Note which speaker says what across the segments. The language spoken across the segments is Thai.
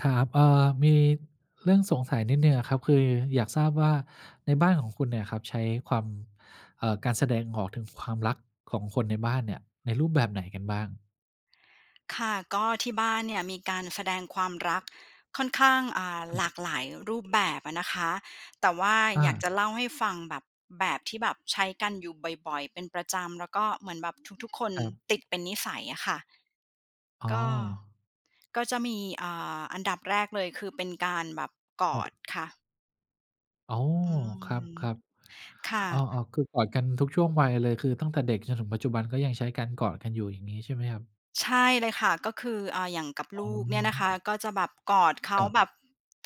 Speaker 1: ครับ เออ มีเรื่องสงสัยนิดหนึ่งอะครับ คืออยากทราบว่า ในบ้านของคุณเนี่ยครับ ใช้ความ เอ่อ การแสดงออกถึงความรักของคนในบ้านเนี่ย ในรูปแบบไหนกันบ้าง?
Speaker 2: ค่ะ ก็ที่บ้านเนี่ยมีการแสดงความรักค่อนข้าง อา
Speaker 1: คร
Speaker 2: ห
Speaker 1: ับ
Speaker 2: ลากหลายรูปแบบอะนะคะ แต่ว่า
Speaker 1: อ
Speaker 2: อยาก
Speaker 1: า
Speaker 2: จะเล่าให้ฟัง แบบ แบบที่แบบใช้กันอยู่บ่อย ๆ เป็นประจำ แล้วก็เหมือนแบบทุก ๆ คน
Speaker 1: ครับ
Speaker 2: ติดเป็นนิสัยอะค่ะ
Speaker 1: อ๋
Speaker 2: ก็
Speaker 1: อ
Speaker 2: ก็จะมี อ่า อันดับแรกเลย คือเป็นการแบบก
Speaker 1: ค
Speaker 2: อ
Speaker 1: รับ
Speaker 2: ดค่ะ
Speaker 1: โอ้!
Speaker 2: อื
Speaker 1: คร
Speaker 2: ม
Speaker 1: ับ
Speaker 2: ค่
Speaker 1: ๆ อ้อ
Speaker 2: ะ
Speaker 1: ๆ คือกอดกันทุกช่วงวัยเลย คือตั้งแต่เด็กจนถึงปัจจุบันก็ยังใช้การกอดกันอยู่ อย่างงี้ใช่ไหมครับ?
Speaker 2: ใช่เลยค่ะ ก็คือ อ่า อย่างกับ
Speaker 1: อ
Speaker 2: ล
Speaker 1: ๋
Speaker 2: ูกเนี่ยนะค
Speaker 1: อ
Speaker 2: ะ ก็จะแบบกอดเขา
Speaker 1: คร
Speaker 2: แบ
Speaker 1: ับ
Speaker 2: บ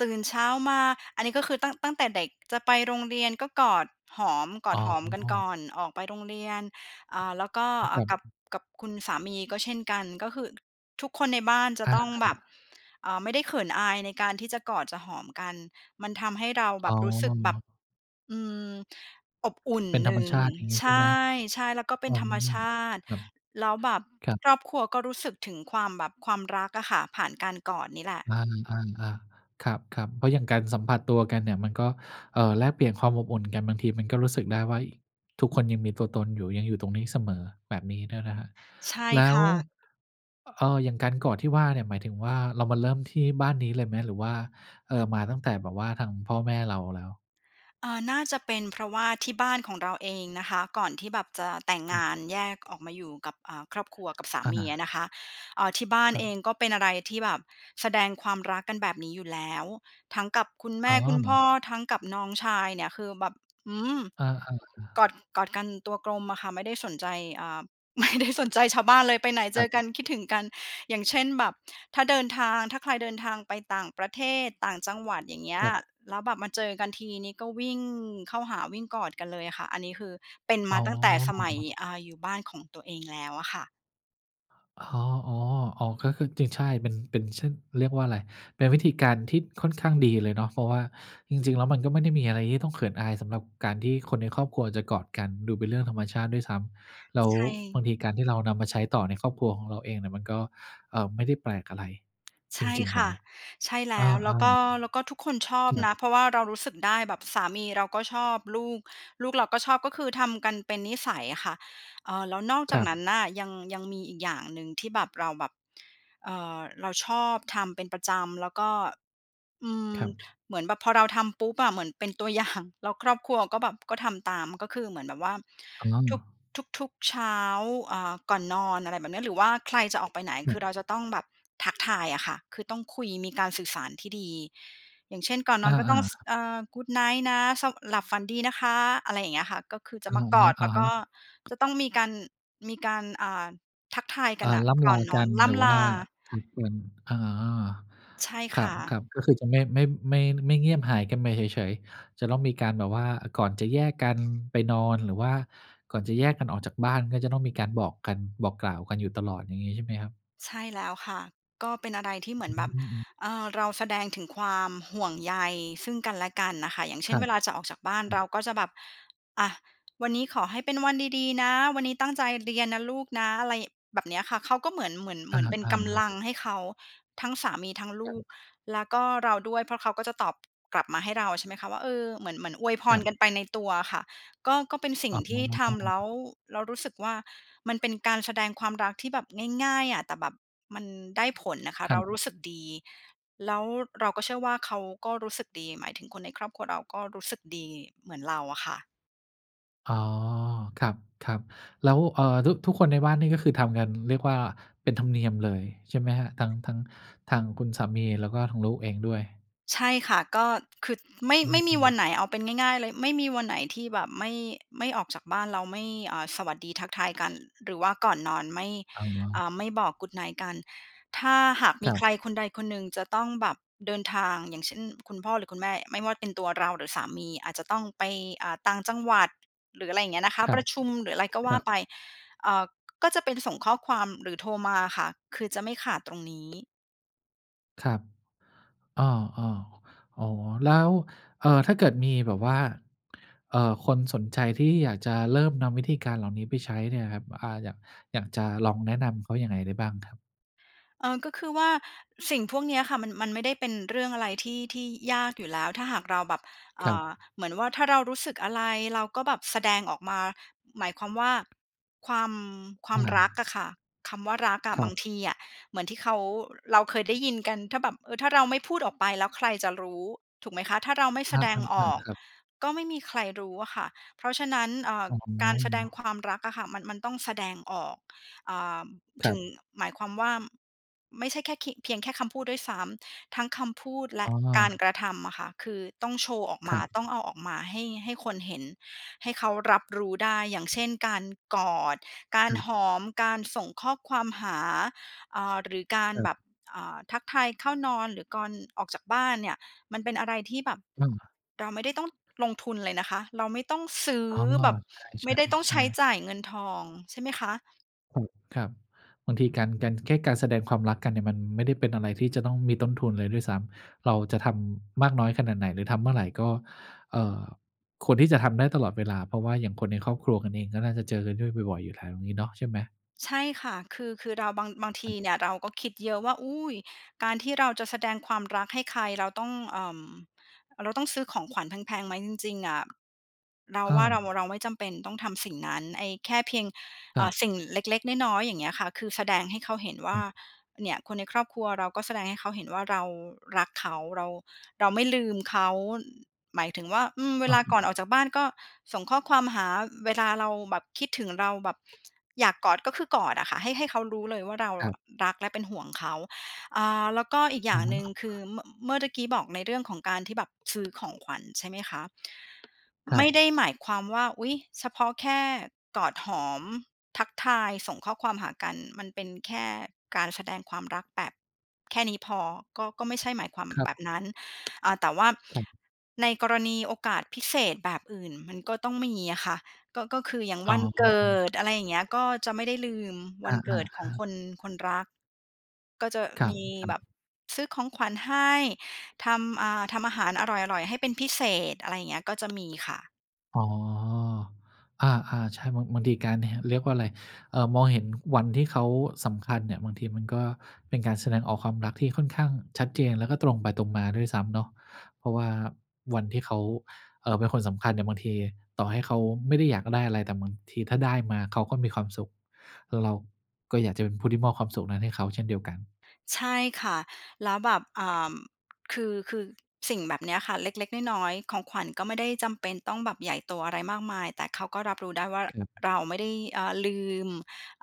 Speaker 2: ตื่นเช้ามา อันนี้ก็คือตั้ง ตั้งแต่เด็ก จะไปโรงเรียนก็กอดหอม กอ
Speaker 1: อ๋
Speaker 2: ดหอมกันก
Speaker 1: อ
Speaker 2: ่อนออกไปโรงเรียน อ่า แล้วก็
Speaker 1: อ
Speaker 2: อ
Speaker 1: คร
Speaker 2: า
Speaker 1: ั
Speaker 2: กับ
Speaker 1: บ
Speaker 2: กับคุณสามีก็เช่นกัน ก็คือทุกคนในบ้านจ
Speaker 1: อ
Speaker 2: ะ
Speaker 1: า
Speaker 2: ต้อง
Speaker 1: คร
Speaker 2: แบบ
Speaker 1: ับ
Speaker 2: เอ่อ ไม่ได้เขินอาย ในการที่จะกอด จะหอมกัน มันทำให้เราแ
Speaker 1: อ
Speaker 2: บ
Speaker 1: ๋
Speaker 2: บ
Speaker 1: อ
Speaker 2: รู้สึกแบบ อืม อบอุ่น
Speaker 1: เป็น
Speaker 2: ห
Speaker 1: ธร
Speaker 2: น
Speaker 1: ร
Speaker 2: ึ
Speaker 1: ม
Speaker 2: ่ง
Speaker 1: ชาติอย่างงี้
Speaker 2: ใช
Speaker 1: ใช่ไหม?
Speaker 2: ่ ๆ แล้วก็เป
Speaker 1: อ
Speaker 2: ็
Speaker 1: ๋
Speaker 2: น
Speaker 1: อ
Speaker 2: ธรรมชาติ
Speaker 1: ครับ
Speaker 2: แล้วแบบ
Speaker 1: ครับ
Speaker 2: ครอบครัวก็รู้สึกถึงความแบบความรักอะค่ะ ผ่านการกอดนี่แหละ
Speaker 1: อา ๆ ๆ ครับ ๆ เพราะอย่างการสัมผัสตัวกันเนี่ย มันก็ เอ่อ แลกเปลี่ยนความอบอุ่นกัน บางทีมันก็รู้สึกได้ว่า เฮ้ย ทุกคนยังมีตัวตนอยู่ ยังอยู่ตรงนี้เสมอ แบบนี้ด้วยนะครับ
Speaker 2: ใช่
Speaker 1: แล้
Speaker 2: ค
Speaker 1: ว
Speaker 2: ่ะ
Speaker 1: อ เออ อย่างการกอดที่ว่าเนี่ย หมายถึงว่า เรามาเริ่มที่บ้านนี้เลยไหม หรือว่า เออ มาตั้งแต่แบบว่า ทางพ่อแม่เราแล้ว?
Speaker 2: เออ น่าจะเป็นเพราะว่าที่บ้านของเราเองนะคะ ก่อนที่แบบจะแต่งง
Speaker 1: อือ
Speaker 2: านแยกออกมาอยู่กับ อา ครอบครัว กับสา
Speaker 1: อ
Speaker 2: มีอ
Speaker 1: า
Speaker 2: ะนะคะ เออ ที่บ้าน
Speaker 1: ครั
Speaker 2: เอ
Speaker 1: บ
Speaker 2: ง ก็เป็นอะไรที่แบบแสดงความรักกันแบบนี้อยู่แล้ว ทั้งกับคุณแม
Speaker 1: อ๋
Speaker 2: ่คุณพ
Speaker 1: อ
Speaker 2: ่อ ทั้งกับน้องชาย เนี่ยคือแบบ อืม!
Speaker 1: อา
Speaker 2: กอ
Speaker 1: ๆ ๆ
Speaker 2: ด กอดกันตัวกลมอะค่ะ ไม่ได้สนใจ อ่า ไม่ได้ สนใจชาวบ้านเลย ไปไหนเ
Speaker 1: ค
Speaker 2: จ
Speaker 1: รับ
Speaker 2: อกัน คิดถึงกัน อย่างเช่นแบบ ถ้าเดินทาง ถ้าใครเดินทางไปต่างประเทศ ต่างจังหวัด อย่างเงี้
Speaker 1: ค
Speaker 2: ย
Speaker 1: รับ
Speaker 2: แล้วแบบมาเจอกันที นี่ก็วิ่งเข้าหา วิ่งกอดกันเลยอะค่ะ อันนี้คือเป็น
Speaker 1: อ
Speaker 2: ม
Speaker 1: ๋
Speaker 2: า
Speaker 1: อ
Speaker 2: ตั้งแต่สมัย อา อยู่บ้านของตัวเองแล้วอะค่ะ
Speaker 1: โอ้โฮ อ๋อ อ๋อ ก็คือจริง ใช่ เป็น เป็น เช่น เรียกว่าอะไร เป็นวิธีการที่ค่อนข้างดีเลยเนาะ เพราะว่าจริง ๆ แล้วมันก็ไม่ได้มีอะไรที่จะต้องเขินอายสำหรับการที่คนในครอบครัวจะกอดกัน ดูเป็นเรื่องธรรมชาติด้วยซ้ำ แล้ว
Speaker 2: ใช
Speaker 1: บ
Speaker 2: ่
Speaker 1: างทีการที่เรานำมาใช้ต่อในครอบครัวของเราเองเนี่ยมันก็ เอ่อ ไม่ได้แปลกอะไร
Speaker 2: ใ
Speaker 1: จ
Speaker 2: ช่
Speaker 1: ริง
Speaker 2: ค
Speaker 1: ๆ เล
Speaker 2: ่ะ
Speaker 1: ย
Speaker 2: ใช่แล
Speaker 1: อ
Speaker 2: ้
Speaker 1: า
Speaker 2: ว แล้วก็ แล้วก็ทุกคนชอ
Speaker 1: ๆ จ
Speaker 2: บ
Speaker 1: ครั
Speaker 2: น
Speaker 1: บ
Speaker 2: ะ เพราะว่าเรารู้สึกได้ แบบสามีเราก็ชอบ ลูก ลูกเราก็ชอบ ก็คือทำกันเป็นนิสัยอะค่ะ เอ่อ แล้วนอกจ
Speaker 1: ค
Speaker 2: าก
Speaker 1: รับ
Speaker 2: นั้นน่ะ ยัง ยังมีอีกอย่างหนึ่งที่แบบ เราแบบ เอ่อ เราชอบทำเป็นประจำ แล้วก็ อืม
Speaker 1: ครับ
Speaker 2: เหมือนแบบพอเราทำปุ๊บอะ เหมือนเป็นตัว อย่าง แล้วครอบครัวก็แบบก็ทำตาม ก็คือเหมือนแบบว่า
Speaker 1: อ๋
Speaker 2: ทุก
Speaker 1: อ
Speaker 2: ทุก ๆ เช้า อ่า ก่อนนอน อะไรแบบเนี้ย หรือว่าใครจะออกไปไหน
Speaker 1: อื
Speaker 2: คื
Speaker 1: อ
Speaker 2: อเราจะต้องแบบทักทายอะค่ะ คือต้องคุย มีการสื่อสารที่ดี อย่างเช่น ก่อนน
Speaker 1: อ
Speaker 2: อนก็ต
Speaker 1: า
Speaker 2: ้อง ส
Speaker 1: ๆ
Speaker 2: เอ่อ good night นะ ส หลับฝันดีนะคะ อะไรอย่างเงี้ยค่ะ ก็คือจ
Speaker 1: อ
Speaker 2: ะ
Speaker 1: ะ
Speaker 2: มากอด แล้ว
Speaker 1: ฮ
Speaker 2: ก
Speaker 1: ะ
Speaker 2: ็จ
Speaker 1: ๆ
Speaker 2: ะต้องมีการ มีการ อ่า ทักทายก
Speaker 1: อ
Speaker 2: ัน
Speaker 1: า
Speaker 2: น่ะ
Speaker 1: ร่
Speaker 2: ก
Speaker 1: ำล
Speaker 2: ่อ
Speaker 1: า
Speaker 2: นน
Speaker 1: ก
Speaker 2: อ
Speaker 1: ั
Speaker 2: น
Speaker 1: น
Speaker 2: ร่
Speaker 1: หรือ
Speaker 2: ำ
Speaker 1: ว
Speaker 2: ลา
Speaker 1: ่าทักกัน อ๋อ
Speaker 2: ใช่
Speaker 1: ค
Speaker 2: ค
Speaker 1: ร
Speaker 2: ่ะ
Speaker 1: ับ ๆ ก็คือจะไม่ ไม่ ไม่ ไม่เงียบหายกันไปเฉย ๆ จะต้องมีการแบบว่า ก่อนจะแยกกันไปนอน หรือว่าก่อนจะแยกกันออกจากบ้าน ก็จะต้องมีการบอกกัน บอกกล่าวกันอยู่ตลอด อย่างงี้ใช่ไหมครับ?
Speaker 2: ใช่แล้วค่ะ ก็เป็นอะไรที่เหม
Speaker 1: อ
Speaker 2: ื
Speaker 1: อ
Speaker 2: อน
Speaker 1: ื
Speaker 2: แบ
Speaker 1: อ
Speaker 2: บ
Speaker 1: อืม
Speaker 2: เออ เราแสดงถึงความห่วงใยซึ่งกันและกันน่ะค่ะ อย่างเช
Speaker 1: ค
Speaker 2: ่น
Speaker 1: รั
Speaker 2: เ
Speaker 1: บ
Speaker 2: วลาจะออกจากบ้าน
Speaker 1: ครั
Speaker 2: เร
Speaker 1: บ
Speaker 2: าก็จะแบบ "อา วันนี้ขอให้เป็นวันดี ๆ นะ วันนี้ตั้งใจเรียนนะลูกนะ" อะไรแบบเนี้ยค่ะ เขาก็เหมือน เหมือน เห
Speaker 1: อ
Speaker 2: ม
Speaker 1: า
Speaker 2: ือนเป็น
Speaker 1: อ
Speaker 2: ก
Speaker 1: ะ
Speaker 2: ำ
Speaker 1: ฮ
Speaker 2: ลั
Speaker 1: ะ
Speaker 2: งให้เขา ทั้งสามีทั้งล
Speaker 1: ครั
Speaker 2: ู
Speaker 1: บ
Speaker 2: ก แล้วก็เราด้วย เพราะเขาก็จะตอบกลับมาให้เราใช่ไหมคะว่า เออ เหมือน เหมือนอวยพ
Speaker 1: คร
Speaker 2: ร
Speaker 1: ับ
Speaker 2: กันไปในตัวอะค่ะ ก็ ก็เป็นสิ่ง
Speaker 1: อ๋
Speaker 2: ที่ทำแล้ว
Speaker 1: อ
Speaker 2: แล้วรู้สึกว่ามันเป็นการแสดงความรักที่แบบง่าย ๆ อะ แต่แบบมันได้ผลน่ะค่ะ
Speaker 1: ค
Speaker 2: เ
Speaker 1: ร
Speaker 2: รารู
Speaker 1: ับ
Speaker 2: ้สึกดี แล้วเราก็เชื่อว่าเขาก็รู้สึกดี หมายถึงคนในครอบครัวเราก็รู้สึกดีเหมือนเราอะค่ะ
Speaker 1: อ๋อ ครับ ๆ แล้ว เอ่อ ทุก ทุกคนในบ้านนี่ ก็คือทำงันเรียกว่า เป็นธรรมเนียมเลยใช่ไหมครับ? ทั้ง ทั้งทางคุณสามี แล้วก็ทางลูกเองด้วย
Speaker 2: ใช่ค่ะ ก็ คือ ไม่
Speaker 1: อื
Speaker 2: ไม่มีว
Speaker 1: ม
Speaker 2: ั
Speaker 1: ๆ
Speaker 2: นไหน เอาเป็นง่าย ๆ เลย ไม่มีวันไหนที่แบบไม่ ไม่ ออกจากบ้านแล้วไม่ อ่า สวัสดีทักทายกัน หรือว่าก่อนนอนไม่
Speaker 1: อ๋อ
Speaker 2: อ่า ไม่บอก Good night กัน ถ้าหากม
Speaker 1: ค
Speaker 2: ี
Speaker 1: รั
Speaker 2: ใ
Speaker 1: บ
Speaker 2: ครคนใดคนหนึ่งจะต้องแบบเดินทาง อย่างเช่น คุณพ่อหรือคุณแม่ ไม่ว่าเป็นตัวเราหรือสามี อาจจะต้องไป อ่า ต่างจังหวัด หรืออะไรอย่างเงี้ยนะค
Speaker 1: ค
Speaker 2: ะ
Speaker 1: รั
Speaker 2: ปร
Speaker 1: บ
Speaker 2: ะชุมหรืออะไรก็
Speaker 1: ค
Speaker 2: ว
Speaker 1: ร
Speaker 2: ่
Speaker 1: ั
Speaker 2: า
Speaker 1: บ
Speaker 2: ไป อ่า ก็จะเป็นส่งข้อความหรือโทรมาอะค่ะ คือจะไม่ขาดตรงนี้
Speaker 1: ครับ อ้อ ๆ อ๋อ แล้ว เอ่อ ถ้าเกิดมีแบบว่า เอ่อ คนสนใจที่อยากจะเริ่มนำวิธีการเหล่านี้ไปใช้เนี่ยครับ อ่า อยาก อยากจะลองแนะนำเขายังไงได้บ้างครับ?
Speaker 2: เออ ก็คือว่าสิ่งพวกเนี้ยค่ะ มัน มันไม่ได้เป็นเรื่องอะไรที่ ที่ยากอยู่แล้ว ถ้าหากเราแบบ อ
Speaker 1: คร
Speaker 2: ่
Speaker 1: ับ
Speaker 2: า เหมือนว่าถ้าเรารู้สึกอะไร เราก็แบบแสดงออกมา หมายความว่า ความ ควา
Speaker 1: อ
Speaker 2: มรักอ
Speaker 1: า
Speaker 2: ะค่ะ คำว่ารักอะ
Speaker 1: คร
Speaker 2: บ
Speaker 1: ั
Speaker 2: า
Speaker 1: บ
Speaker 2: งทีอะเหมือนที่เขา เราเคยได้ยินกัน ถ้าแบบ เออ ถ้าเราไม่พูดออกไปแล้วใครจะรู้ ถูกไหมคะ ถ้าเราไม่แ
Speaker 1: อ
Speaker 2: สดงอ
Speaker 1: า
Speaker 2: อก
Speaker 1: ๆ ๆ ครับ
Speaker 2: ก็ไม่มีใครรู้อะค่ะ เพราะฉะนั้น เอ่อ
Speaker 1: อ๋
Speaker 2: การแสดง
Speaker 1: อ
Speaker 2: ความรักอะค่ะ มัน มันต้องแสดงออก อ่า
Speaker 1: ค
Speaker 2: ถ
Speaker 1: ร
Speaker 2: ึ
Speaker 1: ับ
Speaker 2: ง หมายความว่า ไม่ใช่แค่คิ เพียงแค่คำพูดด้วยซ้ำ ทั้งคำพูดแล
Speaker 1: อ
Speaker 2: ะ
Speaker 1: ๋
Speaker 2: กา
Speaker 1: อ
Speaker 2: รกระทำอะค่ะ คือต้องโชว์ออกม
Speaker 1: ค
Speaker 2: า
Speaker 1: รับ
Speaker 2: ต้องเอาออกมาให้ ให้คนเห็นให้เขารับรู้ได้ อย่างเช่น การกอด กา
Speaker 1: ค
Speaker 2: ร
Speaker 1: รับ
Speaker 2: หอม การส่งข้อความหา อ่า หรือการ
Speaker 1: ครั
Speaker 2: แบ
Speaker 1: บ
Speaker 2: บ อ่า ทักทายเข้านอนหรือก่อน ออกจากบ้านเนี่ย มันเป็นอะไรที่แบบ
Speaker 1: อืม
Speaker 2: เราไม่ได้ต้องลงทุนเลยนะคะ เราไม่ต้องซื้อ
Speaker 1: อ๋อ
Speaker 2: แบบ
Speaker 1: ใ
Speaker 2: ไม่ได้ต้อง
Speaker 1: ช
Speaker 2: ใช
Speaker 1: ่
Speaker 2: ้
Speaker 1: ๆ ๆ
Speaker 2: จ่ายเงินทองใช่ไหมคะ?
Speaker 1: อืม ครับ บางทีการ การแค่การแสดงความรักกันเนี่ย มันไม่ได้เป็นอะไรที่จะต้องมีต้นทุนเลยด้วยซ้ำ เราจะทำมากน้อยขนาดไหน หรือทำเมื่อไหร่ ก็ เอ่อ ควรที่จะทำได้ตลอดเวลา เพราะว่าอย่างคนในครอบครัวกันเอง ก็น่าจะเจอกันด้วยบ่อย ๆ อยู่แล้วงี้เนาะ ใช่ไหม?
Speaker 2: ใช่ค่ะ คือ คือเราบาง บางทีเนี่ย เราก็คิดเยอะว่า อุ๊ย การที่เราจะแสดงความรักให้ใคร เราต้อง เอ่อ เราต้องซื้อของขวัญแพง ๆ ไหม จริง ๆ อะ เรา
Speaker 1: อ
Speaker 2: ว่าเร
Speaker 1: า
Speaker 2: า เราไม่จำเป็นต้องทำสิ่งนั้น ไอ้แค่เพียง เ
Speaker 1: ค
Speaker 2: อ
Speaker 1: ร
Speaker 2: ่
Speaker 1: ั
Speaker 2: อ
Speaker 1: บ
Speaker 2: สิ่งเล็ก ๆ น้อย ๆ อย่างเงี้ยค่ะ คือแสดงให้เขาเห็นว่
Speaker 1: คร
Speaker 2: า
Speaker 1: ับ
Speaker 2: เนี่ย คนในครอบครัว เราก็แสดงให้เขาเห็นว่า เรารักเขา เรา เราไม่ลืมเขา หมายถึงว่า อืม เว
Speaker 1: อ
Speaker 2: ล
Speaker 1: ะ
Speaker 2: าก่อน
Speaker 1: ฮะ
Speaker 2: ออกจากบ้าน ก็ส่งข้อความหา เวลาเราแบบคิดถึง เราแบบ อยากกอด ก็คือกอดอะค่ะ ให้ ให้เขารู้เลยว่า เรา
Speaker 1: ครับ
Speaker 2: รักและเป็นห่วงเขา อ่า แล้วก็อีกอย
Speaker 1: อ
Speaker 2: ่
Speaker 1: ื
Speaker 2: า
Speaker 1: อ
Speaker 2: ง
Speaker 1: ฮึ
Speaker 2: หนึ่ง คือเมื่อ เมื่อตะกี้บอกในเรื่องของการที่แบบซื้อของขวัญ ใช่ไหมคะ
Speaker 1: คร
Speaker 2: ไ
Speaker 1: ั
Speaker 2: ม่
Speaker 1: บ
Speaker 2: ได้หมายความว่า อุ๊ย เฉพาะแค่กอดหอม ทักทาย ส่งข้อความหากัน มันเป็นแค่การแสดงความรักแบบแค่นี้พอ ก็ ก็ไม่ใช่หมายความ
Speaker 1: คร
Speaker 2: แบ
Speaker 1: ับ
Speaker 2: บนั้น อ่า แต่ว่า
Speaker 1: ครับ
Speaker 2: ในกรณีโอกาสพิเศษแบบอื่น มันก็ต้องมีอะค่ะ ก็ ก็คืออย่าง
Speaker 1: อ๋
Speaker 2: วันเกิ
Speaker 1: อ
Speaker 2: ด อะไรอย่างเงี้ย ก็จะไม่ได้ลืมว
Speaker 1: อ
Speaker 2: ัน
Speaker 1: า
Speaker 2: เกิดของคน
Speaker 1: ๆ ๆ
Speaker 2: คนรัก ก็จะ
Speaker 1: คร
Speaker 2: มี
Speaker 1: ั
Speaker 2: แ
Speaker 1: บ
Speaker 2: บบ
Speaker 1: ๆ
Speaker 2: ซื้อของขวัญให้ ทำ อ่า ทำอาหารอร่อย ๆ ให้เป็นพิเศษ อะไรอย่างเงี้ย ก็จะ มีค่ะ
Speaker 1: อ๋อ อา ๆ ใช่ บาง บางทีการ ท เรียกว่าไร เอ่อ มองเห็นวันที่เขาสำคัญเนี่ย บางทีมันก็เป็นการแสดงออกความรักที่ค่อนข้างชัดเจน แล้วก็ตรงไปตรงมาด้วยซ้ำเนาะ เพราะว่าวันที่เขา เอ่อ เป็นคนสำคัญเนี่ย บางทีต่อให้เขาไม่ได้อยากได้อะไร แต่บางที ถ้าได้มาเขาก็มีความสุข เรา ก็อยากจะเป็นผู้ที่มอบความสุขนั้นให้เขาเช่นเดียวกัน
Speaker 2: ใช่ค่ะ แล้วแบบ อ่า คือ คือสิ่งแบบเนี้ยค่ะ เล็ก ๆ น้อย ๆ ของขวัญก็ไม่ได้จำเป็นต้องแบบใหญ่โตอะไรมากมาย แต่เขาก็รับรู้ได้ว่า
Speaker 1: ครับ
Speaker 2: เราไม่ได้ เอ่อ ลืม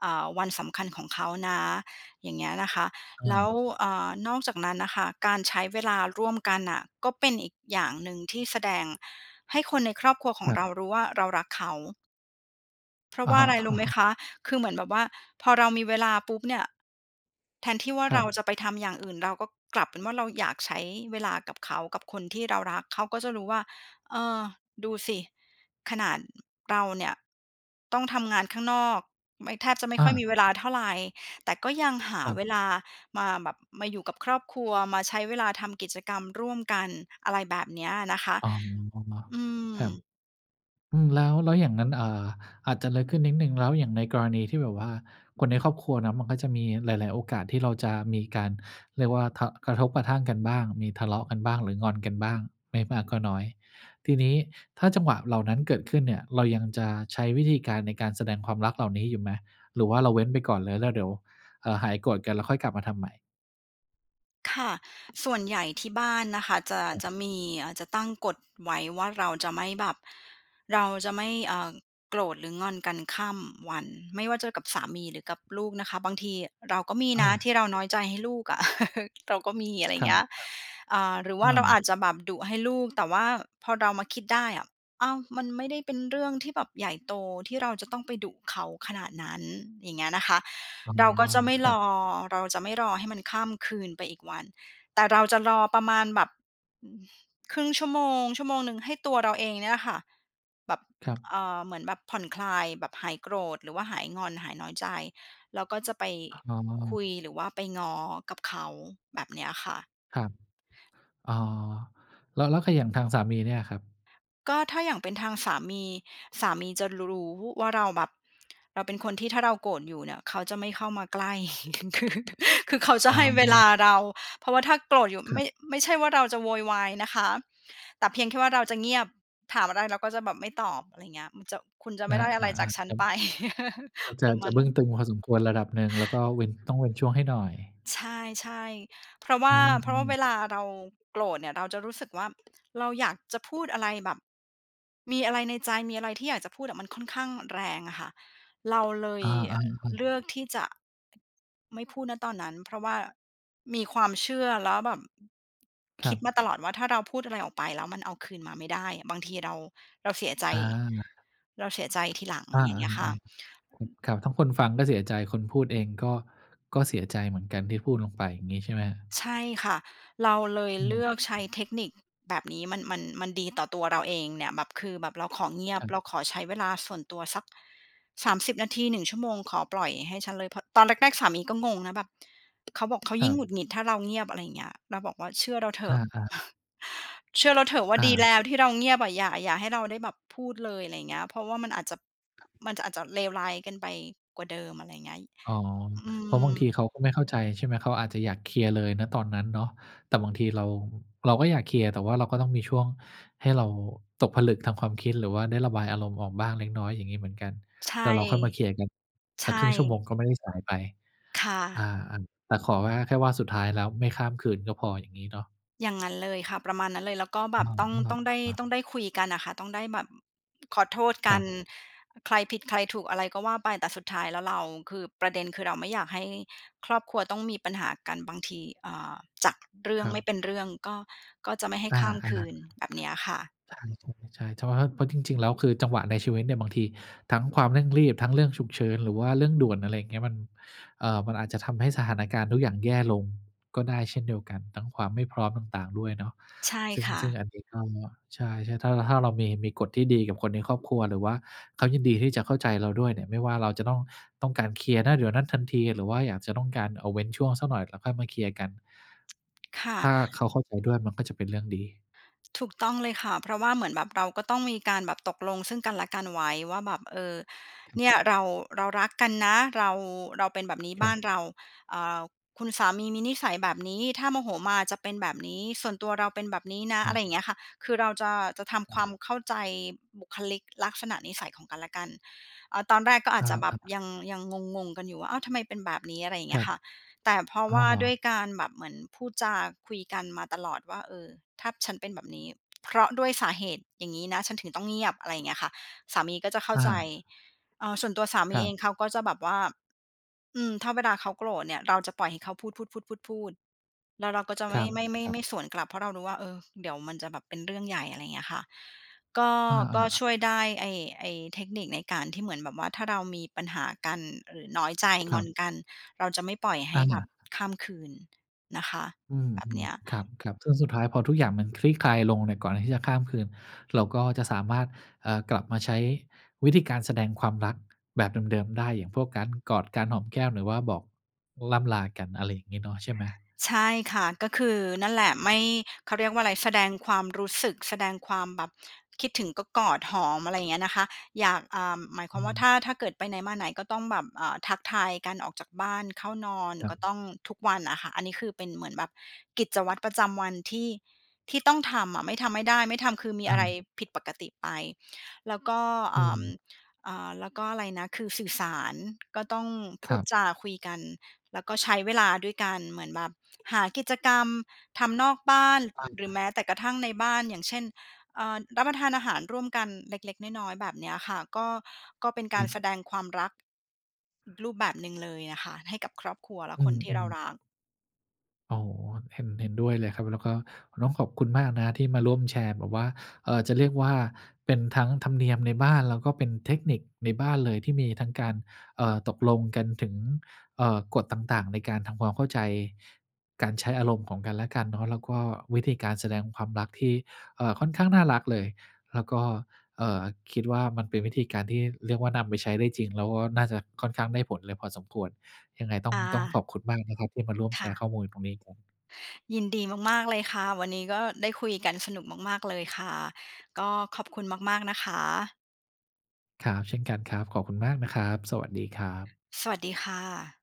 Speaker 2: เอ่อ วันสำคัญของเขานะ อย่างเงี้ยนะคะ
Speaker 1: อ
Speaker 2: แล้ว
Speaker 1: า
Speaker 2: อ่า นอกจากนั้นนะคะ การใช้เวลาร่วมกันน่ะ ก็เป็นอีกอย่างหนึ่ง ที่แสดงให้คนในครอบครัวของ
Speaker 1: ครับ
Speaker 2: เรารู้ว่า เรารักเขา เพรา
Speaker 1: อ
Speaker 2: ะว
Speaker 1: ะ
Speaker 2: ่า
Speaker 1: ฮ
Speaker 2: อะไ
Speaker 1: ะ
Speaker 2: ร รู้ไหม
Speaker 1: ๆ
Speaker 2: คะ คือเหมือนแบบว่าพอเรามีเวลาปุ๊บเนี่ย แทนที่ว่า
Speaker 1: คร
Speaker 2: เร
Speaker 1: ั
Speaker 2: า
Speaker 1: บ
Speaker 2: จะไปทำอย่างอื่น เราก็กลับเป็นว่าเราอยากใช้เวลากับเขากับคนที่เรารัก เขาก็จะรู้ว่า เออ ดูสิ ขนาด อ เราเนี่ยต้องทำงานข้างนอก ไม่ แทบจะไม่
Speaker 1: อ
Speaker 2: ค่อย ม
Speaker 1: า
Speaker 2: ีเวลาเท่าไร แต่ก็ยังหา
Speaker 1: ครับ
Speaker 2: เวลามาแบบมาอยู่กับครอบครัว มาใช้เวลาทำกิจกรรมร่วมกัน อะไรแบบเนี้ยนะคะ
Speaker 1: อ๋อ
Speaker 2: อื
Speaker 1: ครับ
Speaker 2: ม
Speaker 1: อืม แล้ว แล้วอย่างนั้น เอ่อ อาจจะลึกขึ้นนิดหนึ่ง แล้วอย่างในกรณีที่แบบว่าคนในครอบครัวนะมันก็จะมีหลาย ๆ โอกาสที่เราจะมีการเรียกว่า ท กระทบกระทั่งกันบ้าง มีทะเลาะกันบ้าง หรืองอนกันบ้าง ไม่มากก็น้อย ทีนี้ถ้าจังหวะเหล่านั้นเกิดขึ้นเนี่ยเรายังจะใช้วิธีการในการแสดงความรักเหล่านี้อยู่ไหม? หรือว่าเราเว้นไปก่อนเลย แล้วเดี๋ยว เอ่อ หายโกรธกันแล้วค่อยกลับมาทำใหม่?
Speaker 2: ค่ะ ส่วน ใหญ่ที่บ้านนะคะ จะ
Speaker 1: ครับ
Speaker 2: จะมี อา จะตั้งกฎไว้ว่าเราจะไม่แบบเราจะไม่ เอ่อ โกรธหรืองอนกันข้ามวัน ไม่ว่าจะกับสามีหรือกับลูกนะคะ บางทีเราก็มี
Speaker 1: อ
Speaker 2: นะ
Speaker 1: า
Speaker 2: ที่เราน้อยใจให้ลูกอะ เราก็มี อะไรอย
Speaker 1: ค
Speaker 2: ่าง
Speaker 1: รั
Speaker 2: เง
Speaker 1: บ
Speaker 2: ี้ย อ่า หรือ
Speaker 1: ๆ
Speaker 2: ว
Speaker 1: อ
Speaker 2: ่าเราอ
Speaker 1: า
Speaker 2: าจจะแบบดุให้ลูก แต่ว่าพอเรามาคิดได้อะ อ้าว มันไม่ได้เป็นเรื่องที่แบบใหญ่โตที่เราจะต้องไปดุเขาขนาดนั้น อย่างเงี้ยนะคะ
Speaker 1: อ๋อ
Speaker 2: เราก็จะไม่
Speaker 1: คร
Speaker 2: ร
Speaker 1: ับ
Speaker 2: อ เราจะไม่รอให้มันข้ามคืนไปอีกวัน แต่เราจะรอประมาณแบบ อ 0.5 ชั่วโมง ชั่วโมงหนึ่ง ให้ตัวเราเองเนี่ยแหละค่ะแบบ
Speaker 1: ครับ
Speaker 2: เออ เหมือนแบบผ่อนคลาย แบบหายโกรธ หรือว่าหายงอน หายน้อยใจ เราก็จะไป
Speaker 1: อ๋
Speaker 2: ค
Speaker 1: อ
Speaker 2: ุยหรือว่าไปง้อกับเขา แบบเนี้ยค่ะ
Speaker 1: ครับ อ๋อ แล้ว แล้ว ค อย่างทางสามีเนี่ยอะครับ
Speaker 2: ก็ถ้าอย่างเป็นทางสามี สามีจะ ร รู้ว่าเราแบบเราเป็นคนที่ถ้าเราโกรธอยู่เนี่ย เขาจะไม่เข้ามาใกล้ คือเขาจะ
Speaker 1: อ๋
Speaker 2: ให้เวลา
Speaker 1: อ
Speaker 2: เรา เพราะว่าถ้าโกรธอยู่
Speaker 1: ค
Speaker 2: ไ
Speaker 1: ร
Speaker 2: ม
Speaker 1: ับ
Speaker 2: ่ ไม่ใช่ว่าเราจะโวยวายนะคะ แต่เพียงแค่ว่าเราจะเงียบ ถามอะไรเราก็จะแบบไม่ตอบ อะไรอย่างเงี้ย มันจะ คุณจะไ
Speaker 1: ค
Speaker 2: ม่
Speaker 1: ร
Speaker 2: ไ
Speaker 1: ั
Speaker 2: ด
Speaker 1: บ
Speaker 2: ้อะ
Speaker 1: อ
Speaker 2: ไร
Speaker 1: า
Speaker 2: จากฉั
Speaker 1: ๆ
Speaker 2: น
Speaker 1: ครับ
Speaker 2: ไป
Speaker 1: ก็จ
Speaker 2: ป
Speaker 1: ะ
Speaker 2: ระม
Speaker 1: จ
Speaker 2: า
Speaker 1: ะ
Speaker 2: ณ
Speaker 1: บ
Speaker 2: น
Speaker 1: ึ
Speaker 2: ั
Speaker 1: ้
Speaker 2: ้
Speaker 1: ง
Speaker 2: น
Speaker 1: ตึงพอสมควรระดับหนึ่ง แล้วก็เว้น ต้องเว้นช่วงให้หน่อย
Speaker 2: ใช่ ๆ เพราะว่
Speaker 1: อ
Speaker 2: า
Speaker 1: ื
Speaker 2: เพราะว่า
Speaker 1: อ
Speaker 2: เ
Speaker 1: ๆ
Speaker 2: วลาเราโกรธเนี่ย เราจะรู้สึกว่า เราอยากจะพูดอะไรแบบมีอะไรในใจ มีอะไรที่อยากจะพูดอะมันค่อนข้างแรงอะค่ะ เราเล
Speaker 1: อ
Speaker 2: ย
Speaker 1: า ๆ อ
Speaker 2: อ
Speaker 1: ื
Speaker 2: เลื
Speaker 1: อ
Speaker 2: อกที่จะ ไม่พูด ณ ตอนนั้น เพราะว่ามีความเชื่อ แล้วแบบ อ
Speaker 1: ค
Speaker 2: ค
Speaker 1: ร
Speaker 2: ิ
Speaker 1: ั
Speaker 2: ดมา
Speaker 1: บ
Speaker 2: ตลอดว่าถ้าเราพูดอะไรออกไปแล้วมันเอาคืนมาไม่ได้ บางทีเรา เราเสียใจ
Speaker 1: อา
Speaker 2: เราเสียใจทีหลัง
Speaker 1: อา
Speaker 2: อย่างเงี้ยค่ะ เออะ
Speaker 1: ๆ
Speaker 2: อืม
Speaker 1: ๆ ครับ ทั้งคนฟังก็เสียใจ คนพูดเองก็ ก็เสียใจเหมือนกันที่พูดลงไป อย่างนี้ใช่ไหมครับ?
Speaker 2: ใช่ค่ะ เราเลย
Speaker 1: อื
Speaker 2: เลือก
Speaker 1: ม
Speaker 2: ใช้เทคนิคแบบนี้ มัน มัน มันดี ต่อตัวเราเองเนี่ย แบบ คือแบบเราขอเงียบ
Speaker 1: คร
Speaker 2: เ
Speaker 1: ับ
Speaker 2: ราขอใช้เวลาส่วนตัวสัก 30 นาที 1 ชั่วโมง ขอปล่อยให้ฉันเลย พ ตอนแรก ๆ สามีก็งงนะแบบ เขาบอก "เขา
Speaker 1: ค
Speaker 2: ยิ
Speaker 1: ร
Speaker 2: ่งหงุด
Speaker 1: ับ
Speaker 2: หงิด ถ้าเราเงียบ" อะไรอย่างเงี้ย เราบอกว่าเชื่อเราเถ
Speaker 1: อ
Speaker 2: อะ
Speaker 1: า ๆ
Speaker 2: เชื่อเราเถอะว่า
Speaker 1: อ
Speaker 2: ดี
Speaker 1: า
Speaker 2: แล้ว ที่เราเงียบอะอย่า อย่าให้เราได้แบบพูดเลย อะไรอย่างเงี้ย เพราะว่ามันอาจจะ
Speaker 1: ครับ
Speaker 2: มันจะ อาจจะเลวร้ายกันไปกว่าเดิม อะไรอย่างเงี้ย ย
Speaker 1: อ๋อ
Speaker 2: อื
Speaker 1: เพราะบางที
Speaker 2: ม
Speaker 1: เขาก็ไม่เข้าใจ ใช่ไหม เขาอาจจะอยากเคลียร์เลย ณ ตอนนั้นเนาะ แต่บางทีเรา เราก็อยากเคลียร์ แต่ว่าเราก็ต้องมีช่วงให้เราตกผลึกทางความคิด หรือว่าได้ระบายอารมณ์ออกบ้างเล็กน้อยอย่างนี้เหมือนกัน
Speaker 2: ใช่
Speaker 1: แล้วเราค่อยมาเคลียร์กัน
Speaker 2: ใช
Speaker 1: สัก
Speaker 2: ่
Speaker 1: 0.5 ชั่วโมง ก็ไม่ได้สายไป
Speaker 2: ค่
Speaker 1: อา
Speaker 2: ะ
Speaker 1: อัน แต่ขอว่า แค่ว่าสุดท้ายแล้วไม่ข้ามคืนก็พอ อย่างงี้เนาะ
Speaker 2: อย่างนั้นเลยค่ะ ประมาณนั้นเลย แล้วก็
Speaker 1: อ
Speaker 2: แบบต้อง ต้
Speaker 1: ะ
Speaker 2: องได้
Speaker 1: ฮะ
Speaker 2: ต้องได้คุยกันน่ะค่ะ ต้องได้แบบ อ ขอโทษก
Speaker 1: ค
Speaker 2: ั
Speaker 1: รั
Speaker 2: น
Speaker 1: บ
Speaker 2: อ ใครผิดใครถูกอะไรก็ว่าไป แต่สุดท้ายแล้วเรา คือประเด็นคือเราไม่อยากให้ครอบครัวต้องมีปัญหากัน บางที อ่า จากเรื่อ
Speaker 1: ค
Speaker 2: ง
Speaker 1: รั
Speaker 2: ไม่
Speaker 1: บ
Speaker 2: เป็นเรื่องก็ ก็ไม่ให้
Speaker 1: อ
Speaker 2: ข
Speaker 1: า
Speaker 2: ้ามค
Speaker 1: ๆ ค
Speaker 2: ื
Speaker 1: รับ
Speaker 2: น แบบเนี้ยค่ะ
Speaker 1: ข ใช่ ๆ ๆ จะว่า เพราะจริง ๆ แล้วคือจังหวะในชีวิตเนี่ย บางทีทั้งความเร่งรีบ ทั้งเรื่องฉุกเฉิน หรือว่าเรื่องด่วน อะไรอย่างเงี้ย มัน เอ่อ มันอาจจะทำให้สถานการณ์ทุกอย่างแย่ลงก็ได้เช่นเดียวกัน ทั้งความไม่พร้อมต่าง ๆ ด้วยเนาะ
Speaker 2: ใช่
Speaker 1: ซึ่ง
Speaker 2: ค่ะ
Speaker 1: ซึ่งอันนี้ก็ ใช่ ๆ ถ้า ล ถ้าเรามี มีกฎที่ดีกับคนในครอบครัว หรือว่าเขายินดีที่จะเข้าใจเราด้วยเนี่ย ไม่ว่าเราจะต้อง ต้องการเคลียร์ ณ เดี๋ยวนั้นทันที หรือว่าอยากจะต้องการเอา เว้นช่วงสักหน่อยแล้วค่อยมาเคลียร์กัน
Speaker 2: ค่ะ
Speaker 1: ถ้าเขาเข้าใจด้วยมันก็จะเป็นเรื่องดี
Speaker 2: ถูกต้องเลยค่ะ เพราะว่าเหมือนแบบเราก็ต้องมีการแบบตกลงซึ่งกันและกันไว้ว่าแบบ "เออ
Speaker 1: ครับ
Speaker 2: เนี่ยเรา เรารักกันนะ เรา เราเป็นแบบนี้
Speaker 1: ค
Speaker 2: บ
Speaker 1: ร
Speaker 2: ้า
Speaker 1: ับ
Speaker 2: นเรา อ่า คุณสามีมีนิสัยแบบนี้ ถ้าโมโหมาจะเป็นแบบนี้ ส่วนตัวเราเป็นแบบนี้นะ"
Speaker 1: อ
Speaker 2: อะ
Speaker 1: า
Speaker 2: ไรอย่างเงี้ยค่ะ คือเราจะ จะทำ
Speaker 1: ค
Speaker 2: ค
Speaker 1: ร
Speaker 2: วา
Speaker 1: ับ
Speaker 2: มเข้าใจบุคลิก ลักษณะนิสัย ของกันและกัน เออ ตอนแรกก็อาจจะแบ
Speaker 1: อา
Speaker 2: บ
Speaker 1: ๆ
Speaker 2: ยัง ยังงง ๆ กันอยู่ว่า อ้าว ทำไมเป็นแบบนี้ อะไรอย่างเ
Speaker 1: ค
Speaker 2: งี
Speaker 1: ร
Speaker 2: ้
Speaker 1: ั
Speaker 2: ย
Speaker 1: บ
Speaker 2: ค่ะ แต่เพราะ
Speaker 1: อ้
Speaker 2: ว
Speaker 1: อ
Speaker 2: ่า ด้วยการแบบเหมือนพูดจาคุยกันมาตลอดว่า "เออ ถ้าฉันเป็นแบบนี้ เพราะด้วยสาเหตุอย่างนี้นะ ฉันถึงต้องเงียบ" อะไรอย่างเงี้ยค่ะ สามีก็จะเข้า
Speaker 1: อ
Speaker 2: ใจ
Speaker 1: า
Speaker 2: เอ่อ ส่วนตัวสาม
Speaker 1: ค
Speaker 2: ี
Speaker 1: รั
Speaker 2: เอ
Speaker 1: บ
Speaker 2: งเขาก็จะแบบว่า อืม ถ้าเวลาเขาโกรธเนี่ย เราจะปล่อยให้เขาพูด ๆ ๆ ๆ ๆ แล้วเราก็จะไ
Speaker 1: ค
Speaker 2: ม
Speaker 1: ร
Speaker 2: ่ ไม่ ไม่
Speaker 1: ับ ๆ
Speaker 2: ไม่สวนกลับ เพราะเรารู้ว่า เออ เดี๋ยวมันจะแบบเป็นเรื่องใหญ่ อะไรเงี้ยค่ะ ก็
Speaker 1: อ
Speaker 2: ก็
Speaker 1: า ๆ
Speaker 2: ช
Speaker 1: ๆ
Speaker 2: ่วยได้ ไอ้ ไอ้เทคนิคในการที่เหมือนแบบว่าถ้าเรามีปัญหากัน หรือน้อยใจ
Speaker 1: ค
Speaker 2: ง
Speaker 1: รั
Speaker 2: อ
Speaker 1: บ
Speaker 2: นกัน เราจะไม่ปล่อยให้
Speaker 1: อ
Speaker 2: แบบ
Speaker 1: า
Speaker 2: ข้ามคืน นะคะ
Speaker 1: อื
Speaker 2: แบบเน
Speaker 1: ม
Speaker 2: ี้ย
Speaker 1: ๆ ครับ ๆ ซึ่งสุดท้ายพอทุกอย่างมันคลี่คลายลงเนี่ย ก่อนที่จะข้ามคืนเราก็จะสามารถ เอ่อ กลับมาใช้วิธีการแสดงความรักแบบเดิม ๆ ได้ อย่างพวกการกอด การหอมแก้ม หรือว่าบอก ล่ำลากัน อะไรอย่างงี้เนาะ ใช่ไหม
Speaker 2: ใช่ค่ะ ก็คือนั่นแหละ ไม่ เขาเรียกว่าอะไร แสดงความรู้สึก แสดงความแบบคิดถึงก็กอดหอม อะไรอย่างเงี้ยนะคะ อยาก อ่า หมายค
Speaker 1: อ
Speaker 2: วามว่า
Speaker 1: ืม
Speaker 2: ถ้า ถ้าเกิดไปไหนมาไหนก็ต้องแบบ อ่า ทักทายกัน ออกจากบ้าน เข้านอน
Speaker 1: ครั
Speaker 2: ก
Speaker 1: บ
Speaker 2: ็ต้อง ทุกวันอะค่ะ อันนี้คือเป็นเหมือนแบบกิจวัตรประจำวันที่ ที่ต้องทำอะ ไม่ทำไม่ได้ ไม่ทำคือมี
Speaker 1: อ
Speaker 2: อ
Speaker 1: ื
Speaker 2: ะไร
Speaker 1: ม
Speaker 2: ผิดปกติไป แล้วก็ เอ
Speaker 1: อื
Speaker 2: ่อ
Speaker 1: ม
Speaker 2: อ่า แล้วก็อะไรนะ คือสื่อสาร ก็ต้องพู
Speaker 1: คร
Speaker 2: ด
Speaker 1: ับ
Speaker 2: จาคุยกัน แล้วก็ใช้เวลาด้วยกัน เหมือนแบบ หากิจกรรมทำนอกบ้าน อ
Speaker 1: ตั้ง
Speaker 2: หร
Speaker 1: ค
Speaker 2: ื
Speaker 1: ร
Speaker 2: อ
Speaker 1: ั
Speaker 2: แ
Speaker 1: บ
Speaker 2: ม้แต่กระทั่งในบ้าน อย่างเช่น เออ รับประทานอาหารร่วมกันเล็ก ๆ น้อย ๆ แบบเนี้ยค่ะ ก็ ก็เป็นก
Speaker 1: อ
Speaker 2: า
Speaker 1: ื
Speaker 2: รแส
Speaker 1: ม
Speaker 2: ดงความรัก อีกรูปแบบหนึ่งเลยอะค่ะให้กับครอบครัวและ
Speaker 1: อื
Speaker 2: คนที่เรา
Speaker 1: ม ๆ
Speaker 2: รัก
Speaker 1: อ๋อ เห็น เห็นด้วยเลยครับ แล้วก็ ก็ต้องขอบคุณมากนะครับที่มาร่วมแชร์ แบบว่า เอ่อ จะเรียกว่าเป็นทั้งธรรมเนียมในบ้าน แล้วก็เป็นเทคนิคในบ้านเลย ที่มีทั้งการ เอ่อ ตกลงกันถึง เอ่อ กฎต่าง ๆ ในการทำความเข้าใจการใช้อารมณ์ของกันและกันเนาะ แล้วก็วิธีการแสดงความรักที่ เอ่อ ค่อนข้างน่ารักเลย แล้วก็ เอ่อ คิดว่ามันเป็นวิธีการที่เรียกว่านำไปใช้ได้จริง แล้วก็น่าจะค่อนข้างได้ผลเลยพอสมควร ยังไงต้อ
Speaker 2: อ
Speaker 1: ง ต้อง
Speaker 2: า
Speaker 1: ขอบคุณมากนะครับที่มาร่วม
Speaker 2: ค
Speaker 1: แช
Speaker 2: ่
Speaker 1: ร์ข
Speaker 2: ะ
Speaker 1: ้อมูลตรงนี้ครับ
Speaker 2: ยินดีมาก ๆ เลยค่ะ วันนี้ก็ได้คุยกันสนุกมาก ๆ เลย ค่ะ ก็ขอบคุณมาก ๆ นะคะ
Speaker 1: ครับ เช่นกันครับ ขอบคุณมากนะครับ สวัสดีครับ
Speaker 2: สวัสดีค่ะ